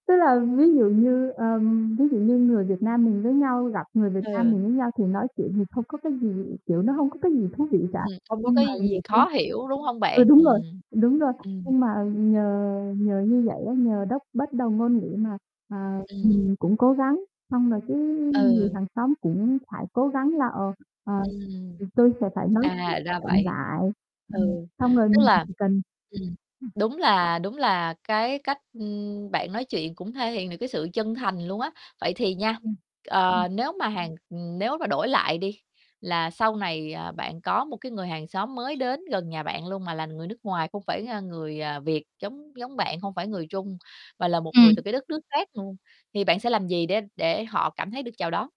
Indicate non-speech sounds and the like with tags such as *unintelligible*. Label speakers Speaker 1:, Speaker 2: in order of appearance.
Speaker 1: Tức là ví dụ như, ờm, ví dụ như người Việt Nam mình với nhau gặp người Việt Nam
Speaker 2: Ừ.
Speaker 1: mình với nhau thì nói chuyện thì không có cái gì, kiểu, nó hông có cái gì thú vị cả.
Speaker 2: Ừm, không có
Speaker 1: Nhưng mà
Speaker 2: cái
Speaker 1: nhiều
Speaker 2: gì
Speaker 1: khi
Speaker 2: khó hiểu, đúng hông
Speaker 1: ừ,
Speaker 2: bạn?
Speaker 1: đúng rồi,
Speaker 2: Ừm.
Speaker 1: đúng rồi,
Speaker 2: Ừm.
Speaker 1: nhưng mà nhờ nhờ như vậy á, nhờ đốc bất đồng ngôn ngữ mà, à,
Speaker 2: Ừm.
Speaker 1: mình cũng cố gắng, xong rồi cái người
Speaker 2: Ừ.
Speaker 1: hàng xóm cũng phải cố gắng là, ờ, ờ,
Speaker 2: Ừm.
Speaker 1: thì tôi sẽ phải nói chuyện
Speaker 2: À, ra
Speaker 1: chậm
Speaker 2: vậy.
Speaker 1: lại. Ờ,
Speaker 2: Ừ,
Speaker 1: xong rồi
Speaker 2: tức
Speaker 1: mình chỉ
Speaker 2: là
Speaker 1: chỉ cần.
Speaker 2: ừm,
Speaker 1: *unintelligible*
Speaker 2: đúng là đúng là cái cách, ưm, bạn nói chuyện cũng thể hiện được cái sự chân thành luôn á. Vậy thì nha,
Speaker 1: Ừm. Ừm.
Speaker 2: ờ, nếu mà hàng ừm, nếu mà đổi lại đi là sau này, à, bạn có một cái người hàng xóm mới đến gần nhà bạn luôn mà là người nước ngoài, không phải, a, người, à, Việt giống giống bạn hông phải người Trung, mà là một người
Speaker 1: Ừm.
Speaker 2: từ cái đất nước khác luôn, thì bạn sẽ làm gì để để họ cảm thấy được chào đón?